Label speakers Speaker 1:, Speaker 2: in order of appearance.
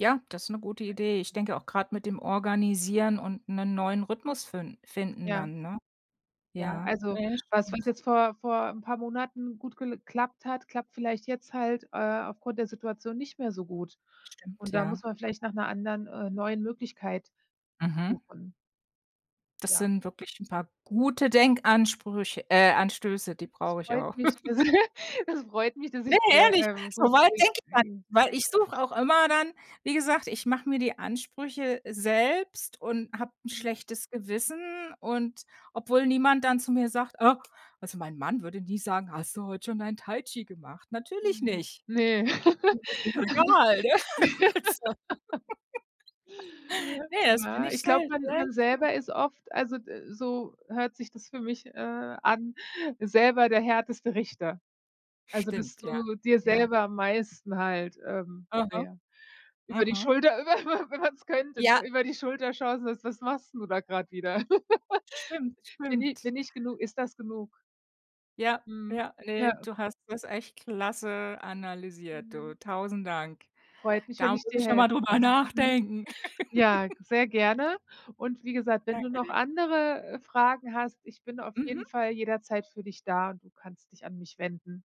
Speaker 1: Ja, das 'ne gute Idee. Ich
Speaker 2: [unintelligible]
Speaker 1: denke auch grad mit dem Organisieren und 'nen neuen Rhythmus fin finden
Speaker 2: Ja.
Speaker 1: dann, ne?
Speaker 2: Ja,
Speaker 1: Ja,
Speaker 2: also,
Speaker 1: ja, das
Speaker 2: was was
Speaker 1: stimmt.
Speaker 2: jetzt vor vor 'n paar Monaten gut gel klappt hat, klappt vielleicht jetzt halt, äh, aufgrund der Situation nicht mehr so gut
Speaker 1: Stimmt,
Speaker 2: und da
Speaker 1: ja.
Speaker 2: muss man vielleicht nach 'ner anderen, äh, neuen Möglichkeit
Speaker 1: Mhm.
Speaker 2: suchen.
Speaker 1: Das
Speaker 2: Ja.
Speaker 1: sind wirklich 'n paar gute Denkansprüch äh, anstöße, die
Speaker 2: Es
Speaker 1: brauche ich
Speaker 2: freut
Speaker 1: auch.
Speaker 2: mich, dass es freut mich, dass
Speaker 1: Ne,
Speaker 2: ich dir,
Speaker 1: ehrlich,
Speaker 2: ähm, gute
Speaker 1: soweit denke ich gar nicht,
Speaker 2: [unintelligible]
Speaker 1: weil ich suche auch immer dann wie gesagt, ich mache mir die Ansprüche selbst und habe 'n
Speaker 2: Mhm.
Speaker 1: schlechtes Gewissen und obwohl niemand dann zu mir sagt äh, also, mein Mann würde nie sagen: „Hast du heute schon dein Tai-Chi gemacht?“ Natürlich
Speaker 2: Mhm,
Speaker 1: nicht.
Speaker 2: ne?
Speaker 1: Ne, das ist egal, ne? Also. Ne, das bin
Speaker 2: Ja,
Speaker 1: ich
Speaker 2: ich glaube,
Speaker 1: selbst
Speaker 2: man man
Speaker 1: selbst Schuld.
Speaker 2: selber ist oft, also, d so hört sich das für mich, äh, an, selber der härteste Richter. Also, dass
Speaker 1: Stimmt, ja.
Speaker 2: du dir
Speaker 1: Ja.
Speaker 2: selber am meisten halt, ähm, na
Speaker 1: Aha.
Speaker 2: ja, über die
Speaker 1: Mhm.
Speaker 2: Schulter über über wenn man's könnte,
Speaker 1: Ja.
Speaker 2: ne, über die Schulter schaust und sagst: „Was machst 'n du da grad wieder?
Speaker 1: Stimmt,
Speaker 2: Bin i
Speaker 1: stimmt.
Speaker 2: bin ich genu ist das genug?“
Speaker 1: Ja,
Speaker 2: Mhm.
Speaker 1: ja, ne,
Speaker 2: Ja.
Speaker 1: du hast das echt klasse analysiert, du,
Speaker 2: Mhm.
Speaker 1: tausend Dank.
Speaker 2: Freut mich,
Speaker 1: Da
Speaker 2: wenn
Speaker 1: muss
Speaker 2: ich dir
Speaker 1: ich noch mal
Speaker 2: helfen
Speaker 1: drüber
Speaker 2: konnte, mhm.
Speaker 1: nachdenken.
Speaker 2: Ja, g sehr gerne. Und wie gesagt, wenn du
Speaker 1: Danke
Speaker 2: noch
Speaker 1: dir.
Speaker 2: andere, äh, Fragen hast, ich bin auf jeden
Speaker 1: Mhm.
Speaker 2: Fall jederzeit für dich da und du kannst dich an mich wenden.